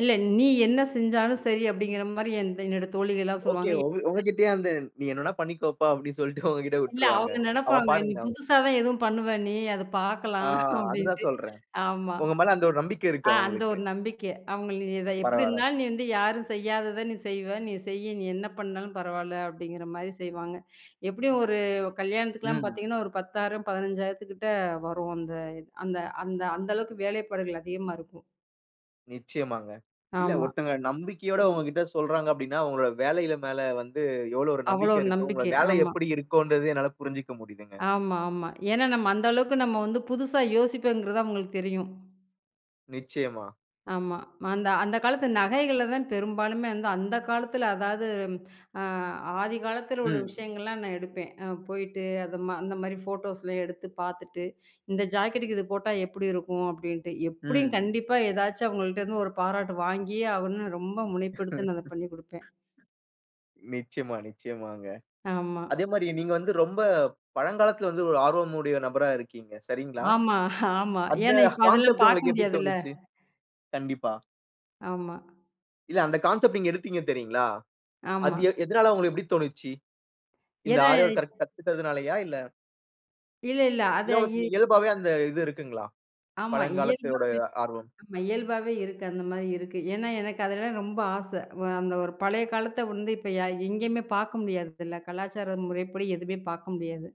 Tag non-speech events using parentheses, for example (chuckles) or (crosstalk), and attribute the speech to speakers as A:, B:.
A: இல்ல. நீ என்ன செஞ்சாலும் சரி அப்படிங்கற மாரி, எந் என்னோட தோழிகள் எல்லாம்
B: ஓகே.
A: சொல்லுவாங்க.
B: உங்க உங்ககிட்டயே அந்த, "நீ என்னன்னா பண்ணிக்கோப்பா" அப்படின்னு சொல்லிட்டு உங்ககிட்ட
A: இல்ல
B: விட்டுருவாங்க.
A: அவுங்க
B: அவ
A: நெனப்பாங்க. "நீ
B: பாருங்னா.
A: புதுசா தான் ஏதும் பண்ணுவ நீ. அத
B: ஆ,
A: பாக்கலாம்"
B: அதான்
A: அப்படின்ட்டு.
B: சொல்றேன்.
A: ஆமா.
B: உங்க மேல அந்த ஒரு நம்பிக்கை இருக்கு,
A: அ, அந்த
B: அவுங்களுக்கு.
A: ஒரு நம்பிக்கை அவங்களு "நீ எப்படி
B: பரவால்ல.
A: இருந்தாலும், நீ வந்து யாரும் செய்யாதத நீ செய்வ, நீ செய்யு நீ என்ன பண்ணாலும் பரவால்ல." அப்படிங்கற மாரி செய்வாங்க. எப்டி ஒரு கல்யாணத்துக்குலாம்
B: ம்.
A: பாத்தீங்கன்னா ஒரு 10,000 15,000 வரும். அந்த அந்த அந்த அந்த அளவுக்கு வேலைப்பாடுகள் அதிகமா இருக்கும்.
B: நிச்சயமாங்க. இல்ல
A: ஆமா.
B: ஒருத்தவங்க நம்பிக்கையோட உங்ககிட்ட சொல்றாங்க அப்படின்னா, உங்களோட வேலைல மேல வந்து எவ்வளவு ஒரு
A: அவ்வளவு
B: நம்பிக்கை இருக்கு, உங்களோட
A: நம்பிக்கை.
B: வேலை
A: ஆமா
B: எப்படி இருக்குன்றது என்னால புரிஞ்சுக்க முடியுதுங்க.
A: ஆமா, ஆமா. ஏன்னா நம்ம அந்த அளவுக்கு நம்ம வந்து புதுசா யோசிப்பேங்கிறது அவுங்களுக்கு தெரியும்.
B: நிச்சயமா.
A: ஆமா. அந்த அந்தக் காலத்து நகைகள தான் பெரும்பாலுமே அந்த காலத்துல. அதாவது அ ஆதிகாலத்துல உள்ள
B: ம்.
A: விஷயங்கள்லாம் நான் எடுப்பேன். அ, போயிட்டு அந்த மாரி அந்த மாரி போட்டோஸ் எடுத்துப் பாத்துட்டு இந்த ஜாக்கெட்டுக்கு இது போட்டா எப்படி இருக்கும் அப்படின்ட்டு. எப்படியும்
B: ம்.
A: கண்டிப்பா எதாச்சும் அவங்கள்ட்ட இருந்து ஒரு பாராட்டு வாங்கியே ஆகணும். ரொம்ப முனைப்பெடுத்து நான் அத பண்ணி குடுப்பேன்.
B: (chuckles) நிச்சயமா, நிச்சயமாங்க.
A: ஆமா.
B: அதே மாரி, நீங்க வந்து ரொம்ப பழங்காலத்தில வந்து ஒரு ஆர்வம் உடைய நபரா இருக்கீங்க. சரிங்களா?
A: ஆமா ஆமா.
B: அந்த
A: ஏன்னா இப்ப அதெல்லாம்
B: கான்செப்ட்
A: பாக்க
B: உங்களுக்கு எப்படி
A: முடியாதுல்ல.
B: தோணுச்சு? கண்டிப்பா.
A: ஆமா.
B: இல்ல, அந்த கான்செப்ட் நீங்க எடுத்தீங்க தெரியுங்களா? அது
A: ஆமா.
B: எத் எதனால உங்களுக்கு இப்படி தோணுச்சு? இந்த
A: ஏன்னா
B: ஆரிஒர்க் கலை
A: இது
B: கத்துக்கிறதுனாலயா இல்ல
A: இல்ல, இல்ல. அத
B: இல்ல உனக்கு
A: இ
B: இயல்பாவே அந்த இது இருக்குங்களா?
A: ஆமா.
B: பழங்காலத்துடய
A: இயல்பாவே
B: ஆர்வம்.
A: ஆமா. இயல்பாவே இருக்கு. அந்த மாரி இருக்கு. ஏன்னா எனக்கு அதுலல ரொம்ப ஆசை. இப்ப அந்த ஒரு பழைய காலத்த இப்ப எ எங்கயுமே பாக்க முடியறதில்ல. கலாச்சார முறைப்படி எதுவுமே பாக்க முடியாது.